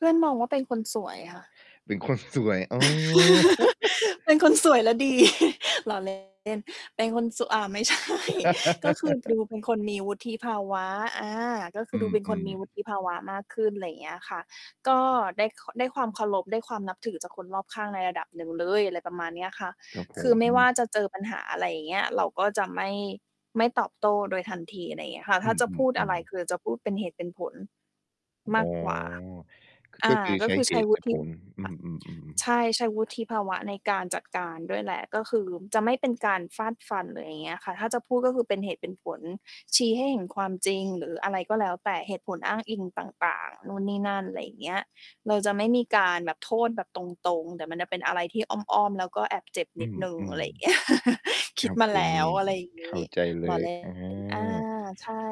เพื่อนมองว่าเป็นคนสวยค่ะ เป็นคนสวย อ๋อ เป็นคนสวยและดี ล้อ เล่น เป็นคนสวย อา ไม่ใช่ ก็คือดูเป็นคนมีวุฒิภาวะ อา ก็คอือืดูเป็นคนอ มีวๆ ุฒิภาวะมากขึ้น ไรเงี้ยค่ะ ก็ได้ ค ได้ความเคารพ ได้ความนับถือจากคนรอบข้างในระดับหนึ่ง เลย อะไรประมาณนี้อะค่ะ ครับผคือไม่วม ่าจะเจอปัญหาอะไร อย่างเงี้ย เราก็จะไม่ ไม่ตอบโต้โดยทันที อะไรอย่างเงี้ยค่ะ อถ้ืาจะพูดอะไอ ร ๆ ๆ คือจะพูดเป็นเหตุเป็นผลมอ๋อ ากกว่า ก อก็า คือก็ใชค้ือเหใช้ ตุวแุละฒิผภล อืา อ ๆ ใชๆ ่ ใช้วุฒิภาวะในการจัดการด้วยแหละ ก็คือจะไม่เป็นการฟาดฟัน หรืออย่างเงี้ยค่ะ ถ้าจะพูดก็คือเป็นเหตุเป็นผล ชี้ให้เห็นความจริงหรืออะไรก็แล้วแต่ เหตุผลอ้างอิงต่าง ๆ นู่นนี่นั่น อะไรอย่างเงี้ย เราจะไม่มีการแบบโทษแบบตรง ๆ แต่มันจะเป็นอะไรที่อ้อม ๆ แล้วก็แอบเจ็บอนืิดหนึ่ง อะอ ไรอย่างเงี้ย คๆ คิรดับมาผแลม ้ว อะไรอย่างงเขี้้ าใจเลล้อ ย เล่อา น อา ใช่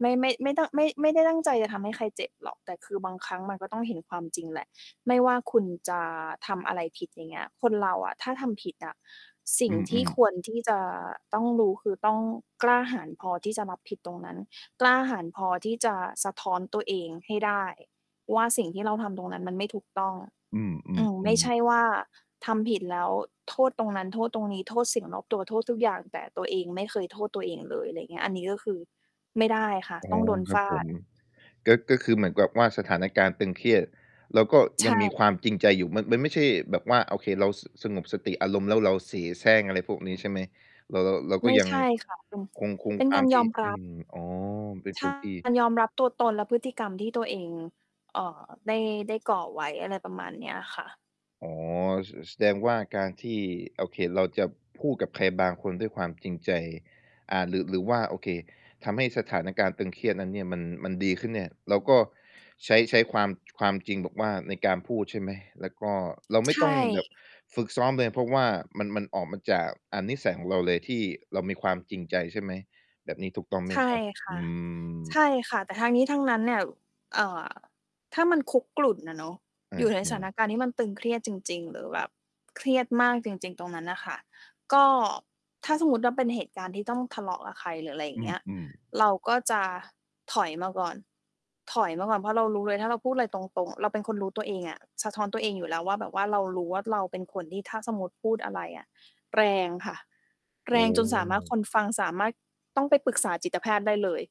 ไม่ ไม่ ไม่ต้อง ไม่ ไม่ได้ตั้งใจจะทำให้ใครเจ็บหรอก แต่คือบางครั้งมันก็ต้องเห็นความจริงแหละ ไม่ว่าคุณจะทำอะไรผิด อย่างเงี้ย คนเราอะถ้าทำผิดอะ สิอ่งืที่อ คๆ วรที่จะต้องรู้ คือต้องกล้าหาญพอที่จะรับผิดตรงนั้น กล้าหาญพอที่จะสะท้อนตัวเองให้ได้ว่า สิ่งที่เราทำตรงนั้นมันไม่ถูกต้อง อือืม ไม่อ ๆ ใๆ ช่ว่าทำผิดแล้วโทษตรงนั้น โทษตรงนี้ โทษสิ่งรอบตัว โทษทุกอย่าง แต่ตัวเองไม่เคยโทษตัวเองเลย ไรอย่างเงี้ย อันนี้ก็คือ ไม่ได้ค่ะ อ๋อ ต้องโดนครฟับาผด ม ก็ ก็คือเหมือนกับว่าสถานการณ์ตึงเครียด แล้วก็ใชยังมี่ ความจริงใจอยู่ มัน มันไม่ใช่แบบว่า โอเค เรา ส สงบสติอารมณ์ แล้วเราเสแสร้งอะไรพวกนี้ใช่ไหม? เรา เรา เรากไ็ม่ยังใช่ ค่ะ เป็น คง คงเป็คนวกาามรทยี่ อมอรืับ ม อ๋อ เป็นใชค่ นที่ การยอมรับตัวตนและพฤติกรรมที่ตัวเอง เอ่อ ได้ ได้ก่อไว้ อะไรประมาณนี้อะค่ะ อ๋อ ส แสดงว่าการที่ โอเค เราจะพูดกับใครบางคนด้วยความจริงใจ อ่า หรือ หรือว่าโอเค ทำให้สถานการณ์ตึงเครียดนั้นเนี่ย มัน มันดีขึ้นเนี่ย เราก็ใช้ ใช้ความ จ ความจริงแบบว่าในการพูดใช่ไหม? แล้วก็เราไใม่ชต่ ้องแบบฝึกซ้อมเลย เพราะว่ามัน มันออกมาจาก อา นิสัยของเราเลย ที่เรามีความจริงใจใช่ไหม แบบนี้ถูกต้องไหมใชค่รับ? คอื่ะ ใม ช่ค่ะ แต่ทั้งนี้ทั้งนั้นเนี่ย เอ่อ ถ้ามันคุกรุ่นอะเนาะ ออยู่ในสา ถานๆ การณ์ที่มันตึงเครียดจริง ๆ หรือแบบเครียดมากจริง ๆ ตรงนั้นน่ะค่ะ ก็ถ้าสมมติว่าเป็นเหตุการณ์ที่ต้องทะเลาะกับใคร หรืออะไรอย่อางเงี้ย ือ ๆ เราก็จะถอยมาก่อน ถอยมาก่อน เพราะเรารู้เลยถ้าเราพูดไรตรง ๆ เราเป็นคนรู้ตัวเองอะ สะท้อนตัวเองอยู่แล้วว่าแบบว่าเรารู้ว่า เราเป็นคนที่ถ้าสมมติพูดอะไรอะแรงค่ะ แรอ๋งจนสามารถ คอ นฟังสามารถ ต้องไปปรึกษาจิตแพทย์ได้เลย